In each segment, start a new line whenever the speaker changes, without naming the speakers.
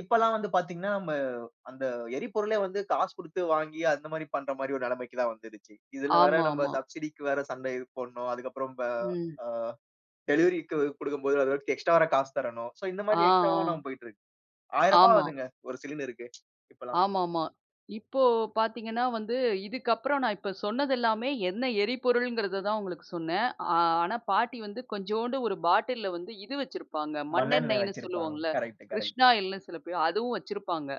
இப்பெல்லாம் வந்து பாத்தீங்கன்னா, நம்ம அந்த எரிபொருளே வந்து காசு குடுத்து வாங்கி அந்த மாரி பண்ற மாரி ஒரு நெலைமைக்கு தான் வந்துருச்சு. இதுல வேற நம்ம
ஆமாமா.
சப்சிடிக்கு வேற சண்டை போடணும். அதுக்கப்பறம் ப
ம்.
அ டெலிவரிக்கு குடுக்கும்போது அது வேறக்கும் எக்ஸ்ட்ரா வேற காசு தரணும். சோ இந்த
ஆ.
மாரி எக்ஸ்ட்ராவா
ஆ.
நாம போய்ட்டுருக்கு. ரூ. 1,000
ஆமா.
ஆகுதுங்க ஒரு சிலிண்டருக்கு இப்பல்லாம்.
ஆமாமா. இப்போ பாத்தீங்கன்னா வந்து, இதுக்கப்புறம் நான் இப்ப சொன்னதெல்லாமே என்ன எரிபொருள்ங்கிறத தான் உங்களுக்கு சொன்னேன். ஆ ஆனா, பாட்டி வந்து கொஞ்சோண்டு ஒரு பாட்டில்ல வந்து இது வச்சிருப்பாங்க,
மண்ணெண்ணெ
மண்ணெண்ணெய்ன்னு
வச்சுருப்பாங்க.
சொல்லுவோம்ல்ல,
கரெக்ட்டு கரெக்ட்.
கிருஷ்ணாயில்ன்னு சில பேர், அதுவும் வச்சிருப்பாங்க.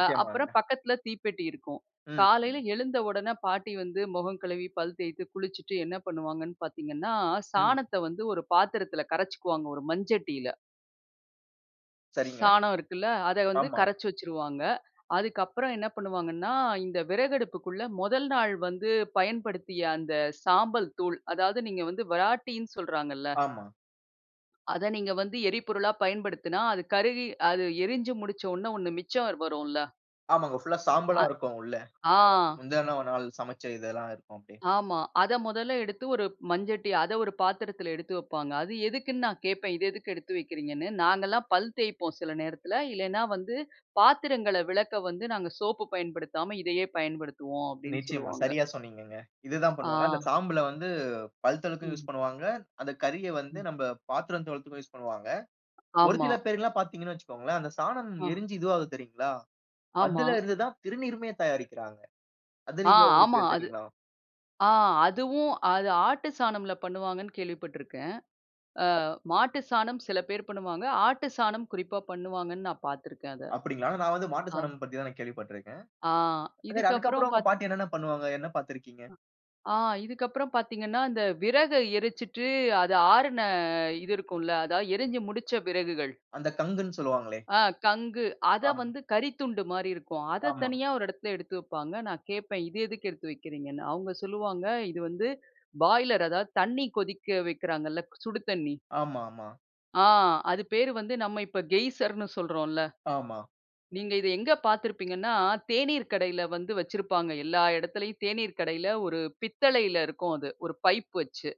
அ அப்பறம் பக்கத்தில தீப்பெட்டி இருக்கும்.
ம். ம்.
காலையில எழுந்த உடனே பாட்டி வந்து மொகம் கழுவி, பல் தேய்த்து, குளிச்சுட்டு என்ன பண்ணுவாங்கன்னு பாத்தீங்கன்னா,
ம்.
சாணத்த வந்து ஒரு பாத்திரத்தில கரைச்சிக்குவாங்க ஒரு மண்சட்டியில.
சரிங்க.
சாணம் இருக்குல்ல. அத வந்து
ஆமா.
கரைச்சு வச்சுருவாங்க. அதுக்கப்பறம் என்ன பண்ணுவாங்கன்னா, இந்த விறகு அடுப்புக்குள்ள மொதல் நாள் வந்து பயன்படுத்திய அந்த சாம்பல் தூள், அதாவது நீங்க வந்து விராட்டின்னு சொல்றாங்கல்ல,
ஆமா.
அத நீங்க வந்து எரிபொருளா பயன்படுத்தினா, அது கருகி அது எரிஞ்சு முடிச்ச ஒண்ண, ஒண்ணு மிச்சம் ர் வரும்ல்ல.
ஆமாங்க. ஃபுல்லா
அ.
சாம்பலா இருக்கும் உள்ள.
ஆ.
[unintelligible] முந்தன நாள் சமைச்ச இதெல்லாம் இருக்கும் அப்படியே.
ஆமா. அத மொதல்ல எடுத்து ஒரு மஞ்சட்டி, அத ஒரு பாத்திரத்தில எடுத்து வைப்பாங்க. அது எதுக்குன்னு நான் கேட்பேன். இது எதுக்கு எடுத்து வைக்கிறீங்கன்னு. "நாங்கல்லாம் பல் தேய்ப்போம் சில நேரத்தில, இல்லன்னா வந்து பாத்திரங்கள்ல விளக்க வந்து நாங்க சோப்பு பயன்படுத்தாம இதையே பயன்படுத்துவோம்." அப்படீன்னு
நிச்சயமா.
சொல்லுவாங்க.
சரியா, சொன்னீங்கங்க. இது தான்
ஆ.
பண்ணுவாங்க. அந்த சாம்பல வந்து பல் தொளக்கவும் யூஸ்
ம்.
பண்ணுவாங்க. அந்த கரிய வந்து
ம்.
நம்ப பாத்திரம் தொளத்துக்கும் யூஸ் பண்ணுவாங்க. ஒரு
ஆமா.
சில பேர்ல்லாம் பாத்தீங்கன்னு வச்சுக் கோங்களேன், அந்த சாணம்
ஆ.
எரிஞ்சு இதுவாகுது தெரியும்ங்களா?
ஆமா.
அதுலேருந்து தான் திருநீருமே தயாரிக்கிறாங்க. அது
ஆ
நீங்க
ஆமா.
உங்களுக்கு
அது
தெரியும்ங்களா?
ஆ அதுவும், அது ஆட்டு சாணமில பண்ணுவாங்கன்னு கேள்விப்பட்டிருக்கேன். அ மாட்டு சாணம் சில பேர் பண்ணுவாங்க. ஆட்டு சாணம் குறிப்பா பண்ணுவாங்கன்னு நான் பாத்திருக்கேன் அத.
அப்படீங்களா? ஆனா, நான் வந்து மாட்டு
ஆ.
சாணம் பத்தி தான் நான் கேள்விப்பட்டிருக்கேன்.
ஆ
சரி,
இதுக்கப்பறம்
அதுக்கப்பறம் உங்க
பார்த்
பாட்டி என்னென்ன பண்ணுவாங்க? என்ன பாத்திருக்கீங்க?
அ ஆ இதுக்கப்புறம் பாத்தீங்கன்னா, இந்த விறக எரிச்சுட்டு அது ஆறுன இது இருக்கும்ல்ல. அதாவது எரிஞ்சு முடிச்ச விறகுகள்.
அந்த கங்குன்னு சொல்வாங்களே.
அ கங்கு,
ஆ.
அதை வந்து கரித்துண்டு மாரி இருக்கும். அத
ஆமா.
தனியா ஒரு இடத்துல எடுத்து வைப்பாங்க. நான் கேட்பேன் இது எதுக்கு எடுத்து வைக்கிறீங்கன்னு. அவங்க சொல்லுவாங்க, "இது வந்து பாய்லர், அதாவது தண்ணீ கொதிக்க வைக்கிறாங்கல்ல, சுடு தண்ணீ."
ஆமாமா.
ஆ அது பெயர் வந்து நம்ம இப்ப கெய்சர்ன்னு சொல்றோம்ல்ல.
ஆமா.
நீங்க இத எங்க பாத்திருப்பீங்கன்னா, தேனீர் கடையில வந்து வச்சுருப்பாங்க. எல்லா இடத்திலயும் தேனீர் கடையில ஒரு பித்தளையில இருக்கும் அது, ஒரு பைப் வச்சு.